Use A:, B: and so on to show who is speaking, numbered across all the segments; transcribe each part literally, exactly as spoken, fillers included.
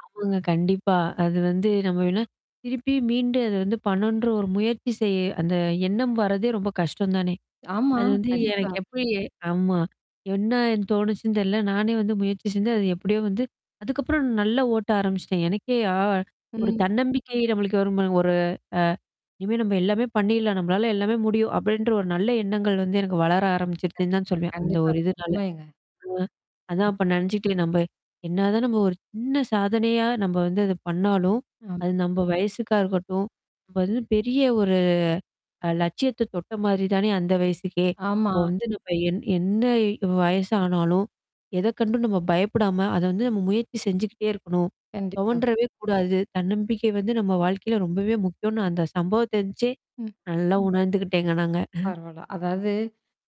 A: ஆமாங்க. கண்டிப்பா. அது வந்து நம்ம வேனா திருப்பி மீண்டு, அத வந்து பண்ணன்ற ஒரு முயற்சி செய் அந்த எண்ணம் வரதே ரொம்ப கஷ்டம் தானே!
B: ஆமா.
A: அது வந்து
B: கண்டிப்பா.
A: எனக்கு எப்படி ஆம்மா. என்னா என் தோணுச்சுன்னு தெரில. நானே வந்து முயற்சி செஞ்சேன். அது எப்படியோ வந்து அதுக்கப்புறம் நல்லா ஓட்ட ஆரம்பிச்சுட்டேன். எனக்கே ஆ ஒரு
B: ம்.
A: தன்னம்பிக்கை நம்மளுக்கு வரும் பாருங்க ஒரு அ. இனிமே நம்ப எல்லாமே பண்ணீரலாம், நம்மளால எல்லாமே முடியும் அப்படின்ற ஒரு நல்ல எண்ணங்கள் வந்து எனக்கு வளர ஆரம்பிச்சுருச்சுன்னு தான்
B: கண்டிப்பா
A: சொல்வேன். அந்த
B: கண்டிப்பா
A: ஒரு இதுனால.
B: உண்மைங்க.
A: ஆ. அதான்
B: ம்.
A: அப்ப நெனச்சுட்டேன், நம்ப என்னா தான் நம்ம ஒரு சின்ன சாதனையா நம்ப வந்து அத பண்ணாலும்,
B: ஆம்.
A: அது நம்ப வயசுக்கா இருக்கட்டும். இப்ப வந்து பெரிய ஒரு அ லட்சியத்த தொட்ட மாரி தானே, அந்த வயசுக்கே!
B: ஆமா.
A: இப்ப வந்து நம்ப என் என்ன வயசானாலும், எத கண்டும் நம்ம பயப்படாம, அத வந்து நம்ம முயற்சி செஞ்சுகிட்டே இருக்கணும்.
B: கண்டிப்பா.
A: தொவன்றவே கூடாது. தன்னம்பிக்கை வந்து நம்ம வாழ்க்கையில ரொம்பவே முக்கியம்னு அந்த சம்பவத்தெந்ச்சே
B: ம்.
A: நல்லா உணர்ந்துக்கிட்டேங்க நாங்க.
B: பரவால்ல. அதாவது.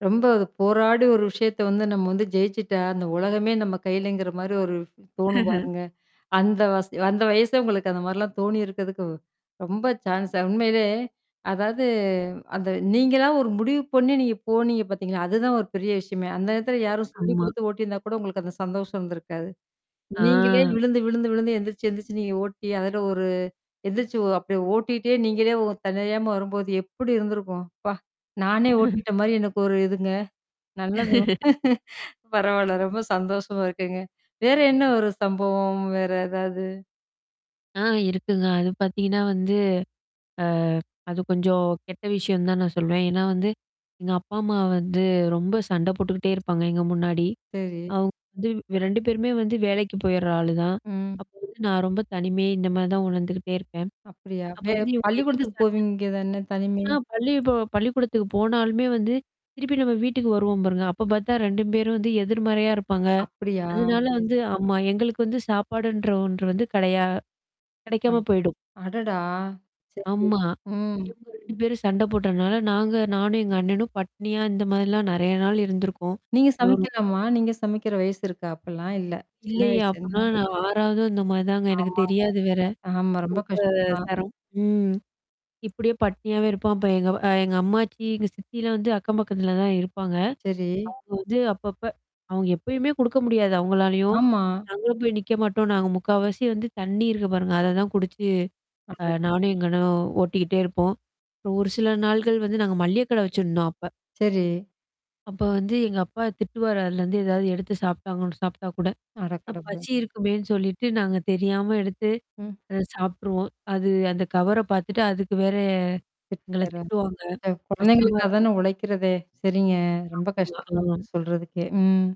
B: ரொம்ப அது போராடி ஒரு விஷயத்த வந்து நம்ம வந்து ஜெயிச்சுட்டா, அந்த உலகமே நம்ம கையிலங்கிற மாரி ஒரு தோணும் பாருங்க. அந்த வச அந்த வயசே உங்களுக்கு அந்த மாரிலாம் தோணியிருக்கிறதுக்கு, ரொம்ப ச்சான்ஸ்ஸு உண்மையிலே, அதாவது அந்த நீங்களா ஒரு முடிவு பண்ணீ, நீங்க போனீங்க பாத்தீங்களா? அதுதான் ஒரு பெரிய விஷயமே. அந்த நேரத்துல யாரும் சொல்லிக
A: ஆம்மா.
B: குடுத்து ஓட்டியிருந்தா கூட, உங்களுக்கு அந்த சந்தோஷம் இருந்திருக்காது. நீங்களே
A: ஆ.
B: விழுந்து விழுந்து விழுந்து, எந்திரிச்சு எந்திரிச்சு நீங்க ஓட்டி அதில ஒரு எந்துருச்சு ஓ அப்டியே ஓட்டிட்டே நீங்களே ஒ தன்னறியாம வரும்போது, எப்படி இருந்திருக்கும். அப்பா! நானே ஓட்டிட்ட மாரி எனக்கு ஒரு இதுங்க. நல்லது. பரவால்ல ரொம்ப சந்தோஷமா இருக்குங்க. வேற என்னா ஒரு சம்பவம் வேற ஏதாவது?
A: ஆ இருக்குங்க. அது பாத்தீங்கன்னா வந்து, அ அது கொஞ்சம் கெட்ட விஷயம்னு தான் நான் சொல்லவேன். ஏன்னா வந்து. எங்க அப்பா, அம்மா வந்து ரொம்ப சண்ட போட்டுக்கிட்டே இருப்பாங்க எங்க முன்னாடி.
B: சரி.
A: அவுங்க வந்து ரெண்டு பேருமே வந்து வேலைக்கு போயிடுற ஆளு தான்.
B: ம்.
A: அப்போ வந்து நான் ரொம்ப தனிமை இந்த மாரி தான் உணர்ந்துக்கிட்டே இருப்பேன்.
B: அப்படியா?
A: அப்ப
B: வே
A: வந்து இவங்க எதுல
B: பள்ளிக்கூடத்துக்கு
A: சண்டை
B: போவீங்க தானே? தனிமை?
A: ஆ பள்ளிப்ப பள்ளிக்கூடத்துக்கு போனாலுமே வந்து, திருப்பி நம்ம வீட்டுக்கு வருவோம் பாருங்க. அப்ப பாத்தா ரெண்டு பேரும் வந்து எதிர்மறையா இருப்பாங்க.
B: அப்படியா!
A: அதனால
B: சரி
A: வந்து ஆமா. எங்களுக்கு வந்து, சாப்பாடுன்ற ஒன்று வந்து கடையா கெடைக்காம
B: அந்
A: போயிடும்.
B: அடடா! சரி.
A: ஆமா.
B: ம்.
A: இவங்க ரெண்டு பேரும் சண்ட போட்டனால, நாங்க நானும் எங்க அண்ணனும், பட்னியா இந்த மாரிலாம் நெறையா நாள் இருந்திருக்கோம்.
B: நீங்க
A: எங்கள ரொம்ப
B: சமைக்கலாமா? நீங்க சமைக்கிற வயசு இருக்கா? அப்பலாம் இல்ல! சின்ன
A: இல்லையே!
B: வயசு, என்னா?
A: அப்பன்னா நான் ஆறாவதோ இந்த மாரி தாங்க. எனக்கு
B: ஆமாங்க.
A: தெரியாது வேற.
B: ஆமா. ரொம்ப
A: ரொம்ப
B: கஷ்டம் தான்.
A: சரம். ம். இப்படியே பட்னியாவே இருப்போம். அப்ப எங்க வ எங்க அம்மாச்சி, எங்க சித்திலாம் வந்து அக்கம் பக்கத்துல தான் இருப்பாங்க.
B: சரி.
A: அவுங்க வந்து அப்பப்ப அவுங்க எப்பயுமே குடுக்க முடியாது அவுங்களாலயும்.
B: ஆமா.
A: நாங்களும் போய் நிக்க மாட்டோம். நாங்க முக்கவாசி வந்து, தண்ணீ இருக்கு பாருங்க. அததான் குடிச்சு. அ
B: [unintelligible]
A: நானும் எங்க அண்ணும் ஓட்டிக்கிட்டே இருப்போம். அப்றம் ஒரு சில நாள்கள் வந்து நாங்க மள்ளிய கடை வச்சசிருந்தோம் அப்ப.
B: சரி.
A: அப்ப வந்து எங்க அப்பா திட்டுவாரு அதுலருந்து ஏதாவது எடுத்து சாப்ட்டாங்கன்னு சாப்பி்ட்டா கூட. அ
B: அடக்கடவுலே!
A: பசி இருக்குமேன்னு சொல்லிட்டு, நாங்க தெரியாம எடுத்து
B: ம்.
A: அத சாப்ட்ருவோம். அது அந்த கவர பாத்துட்டு, அதுக்கு வேற எங்கள
B: [unintelligible]
A: திட்டுவாங்க. கஷ்டமா இருக்கும்.
B: குழந்தைங்களுக்காகதானே உழைக்கிறதே! சரிங்க ரொம்ப கஷ்டமா
A: ஆமா. ம்.
B: இருக்கு சொல்றதுக்கே. ம்.